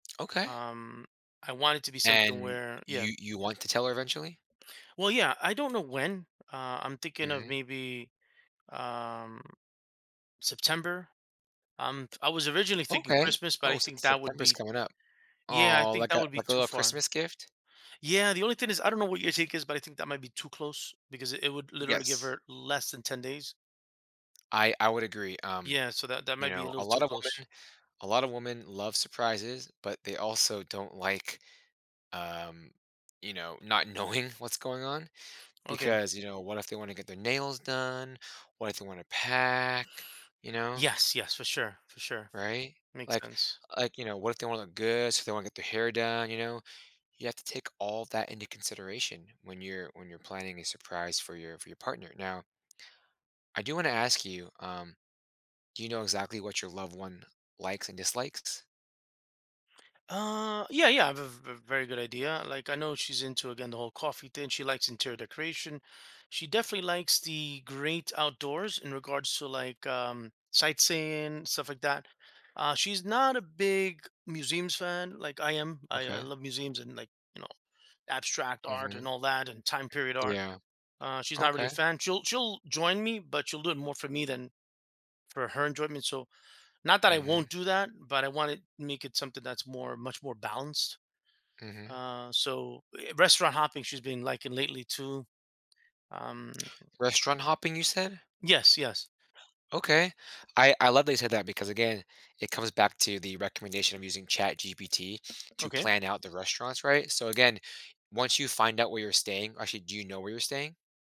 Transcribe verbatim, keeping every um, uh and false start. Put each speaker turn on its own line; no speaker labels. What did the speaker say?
Okay.
Um, I want it to be something
And
where Yeah.
you you want to tell her eventually?
Well, yeah, I don't know when. Uh, I'm thinking of
Mhm.
maybe, um, September. Um, I was originally thinking
Okay.
Christmas, but
Oh,
I
Sep
think that would
September's
be
coming up.
Yeah, I
Aw,
think
like
that
a
would be
like a
too
little
far.
Christmas gift?
Yeah, the only thing is I don't know what your take is, but I think that might be too close because it it would literally give
Yes.
her less than ten days.
I I would agree. Um,
Yeah. So, that that
you
might be a
know,
little
a
too
lot of
close.
women a lot of women love surprises, but they also don't like, um, you know, not knowing what's going on
Okay.
because, you know, what if they wanna get their nails done? What if they wanna pack, you know?
Yes, yes, for sure, for sure.
Right?
Makes
Like,
sense.
like, you know, what if they wanna look good, if they wanna get their hair done, you know? You have to take all that into consideration when you're when you're planning a surprise for your for your partner. Now, I do wanna ask you, um, do you know exactly what your loved one likes and dislikes?
Uh, yeah, yeah, I have a v v very good idea. Like, I know she's into, again, the whole coffee thing, she likes interior decoration, she definitely likes the great outdoors in regards to, like, um, sightseeing, stuff like that. Uh, she's not a big museums fan like I am. I I
Okay.
love museums and, like, you know, abstract art and
Mhm.
all that and time period art.
Yeah.
Uh, she's not really a
Okay.
fan. She'll she'll join me, but she'll do it more for me than for her enjoyment, so, not that I won't
Mhm.
do that, but I want it make it something that's more much more balanced
Mhm.
uh, so Eh, restaurant hopping, she's been liking lately too, um
Restaurant hopping, you said?
Yes. Yes.
Okay. I I love that you said that because, again, it comes back to the recommendation of using ChatGPT to
Okay.
plan out the restaurants, right, so, again, once you find out where you're staying actually, do you know where you're staying?